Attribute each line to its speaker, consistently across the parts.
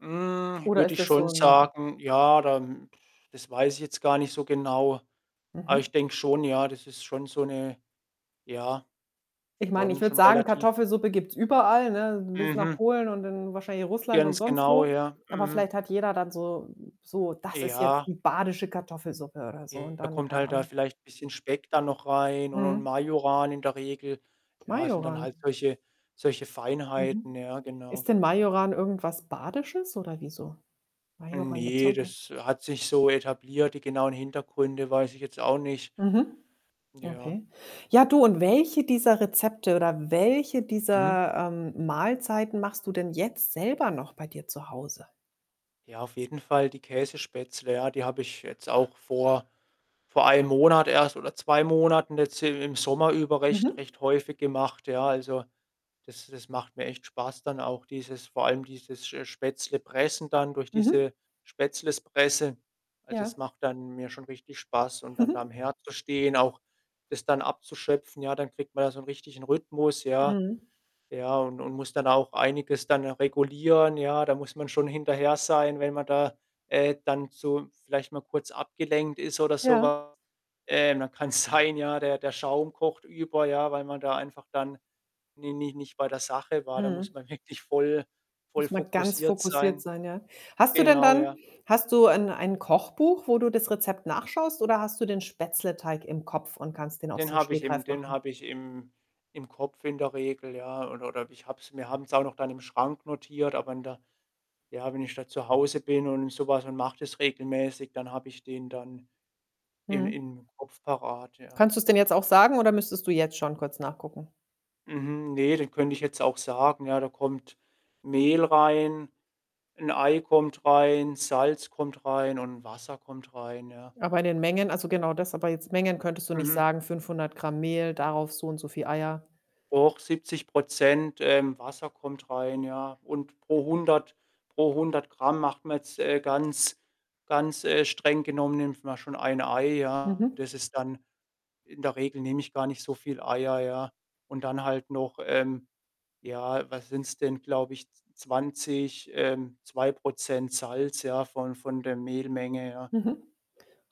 Speaker 1: Hm,
Speaker 2: Oder
Speaker 1: würde
Speaker 2: ist
Speaker 1: ich
Speaker 2: das so?
Speaker 1: schon
Speaker 2: [unintelligible]
Speaker 1: sagen, ja, dann das weiß ich jetzt gar nicht so genau. Aber
Speaker 2: Mhm.
Speaker 1: ich denke schon, ja, das ist schon so 'ne ja,
Speaker 2: Ich meine, ich
Speaker 1: schon
Speaker 2: würde
Speaker 1: schon
Speaker 2: sagen,
Speaker 1: relativ
Speaker 2: Kartoffelsuppe gibt's überall, ne, bis nach
Speaker 1: Mhm.
Speaker 2: Polen und dann wahrscheinlich Russland und
Speaker 1: Ganz
Speaker 2: sonst
Speaker 1: genau,
Speaker 2: wo.
Speaker 1: ja.
Speaker 2: Aber
Speaker 1: Mhm.
Speaker 2: vielleicht hat jeder dann so so „das ist jetzt
Speaker 1: Ja.
Speaker 2: die badische Kartoffelsuppe“ oder so und
Speaker 1: [unintelligible] Da
Speaker 2: dann
Speaker 1: kommt
Speaker 2: keine
Speaker 1: halt da
Speaker 2: Ahnung.
Speaker 1: vielleicht 'n bisschen Speck da noch rein und und
Speaker 2: Mhm.
Speaker 1: Majoran in der Regel. Ja, sind dann
Speaker 2: Majoran?
Speaker 1: halt solche solche
Speaker 2: Mhm.
Speaker 1: Feinheiten, ja, genau.
Speaker 2: Ist denn Majoran irgendwas Badisches oder wieso? Majoran gibt's ja
Speaker 1: Ne,
Speaker 2: auch noch
Speaker 1: das hat sich so etabliert. Die genauen Hintergründe weiß ich jetzt auch nicht.
Speaker 2: Mhm.
Speaker 1: Ja.
Speaker 2: Okay. Ja, du, und welche dieser Rezepte oder welche
Speaker 1: Mhm.
Speaker 2: dieser, ähm, Mahlzeiten machst du denn jetzt selber noch bei dir zu Hause?
Speaker 1: Ja, auf jeden Fall die Käsespätzle, ja. Die habe ich jetzt auch vor vor einem Monat erst oder 2 Monaten jetzt i im Sommer über recht
Speaker 2: Mhm.
Speaker 1: recht häufig gemacht, ja? Also, das das macht mir echt Spaß dann auch dieses vor allem dieses sch äh, Spätzle-Pressen dann durch
Speaker 2: Mhm.
Speaker 1: diese Spätzle-Presse. Also,
Speaker 2: Ja.
Speaker 1: es macht dann mir schon richtig Spaß und dann da am Herd zu stehen, auch das dann abzuschöpfen, ja? Dann kriegt man da so 'n richtigen Rhythmus, ja?
Speaker 2: Mhm.
Speaker 1: Ja, und und muss dann auch einiges dann regulieren, ja? Da muss man schon hinterher sein, wenn man da, äh, dann zu vielleicht mal kurz abgelenkt ist oder so
Speaker 2: Ja.
Speaker 1: was. Äh, dann kann's sein, ja, der der Schaum kocht über, ja, weil man da einfach dann ni ni nicht bei der Sache war. Da muss
Speaker 2: Mhm.
Speaker 1: man wirklich voll voll
Speaker 2: Muss man ganz
Speaker 1: fokussiert
Speaker 2: fokussiert
Speaker 1: sein.
Speaker 2: sein, ja. Hast du denn
Speaker 1: Genau,
Speaker 2: dann
Speaker 1: ja.
Speaker 2: hast du ein ein Kochbuch, wo du das Rezept nachschaust oder hast du den Spätzleteig im Kopf und kannst den aus
Speaker 1: Den
Speaker 2: dem
Speaker 1: habe ich im
Speaker 2: Stegreif
Speaker 1: den
Speaker 2: machen?
Speaker 1: habe ich im im Kopf in der Regel, ja? Oder oder ich habe es wir haben's auch noch dann im Schrank notiert, aber in der ja, wenn ich da zu Hause bin und so was und mache das regelmäßig, dann habe ich den dann in
Speaker 2: Mhm.
Speaker 1: im Kopf parat, ja.
Speaker 2: Kannst du's denn jetzt auch sagen oder müsstest du jetzt schon kurz nachgucken?
Speaker 1: Mhm, ne, den könnte ich jetzt auch sagen, ja. Da kommt Mehl rein, 'n Ei kommt rein, Salz kommt rein und Wasser kommt rein, ja?
Speaker 2: Aber in den Mengen also, genau das aber jetzt Mengen könntest du nicht
Speaker 1: Mhm.
Speaker 2: sagen? 500 Gramm Mehl, darauf so und so viel Eier.
Speaker 1: Och, 70 %, ähm, Wasser kommt rein, ja? Und pro 100 pro 100 Gramm macht man jetzt, äh ganz ganz, äh, streng genommen nimmt man schon 1 Ei, ja?
Speaker 2: Mhm.
Speaker 1: Das ist dann in der Regel nehme ich gar nicht so viel Eier, ja, und dann halt noch, ähm ja, was sind's denn, glaube ich, z 20 ähm, 2 % Salz, ja, von von der Mehlmenge, ja.
Speaker 2: Mhm.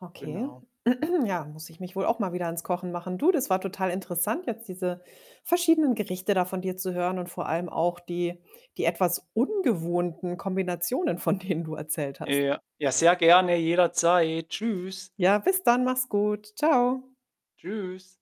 Speaker 2: Okay.
Speaker 1: Genau.
Speaker 2: Ja, muss ich mich wohl auch mal wieder an's Kochen machen. Du, das war total interessant, jetzt diese verschiedenen Gerichte da von dir zu hören und vor allem auch die die etwas ungewohnten Kombinationen, von denen du erzählt hast.
Speaker 1: Ja. Ja, sehr gerne, jederzeit. Tschüss.
Speaker 2: Ja, bis dann, mach's gut, tschau.
Speaker 1: Tschüss.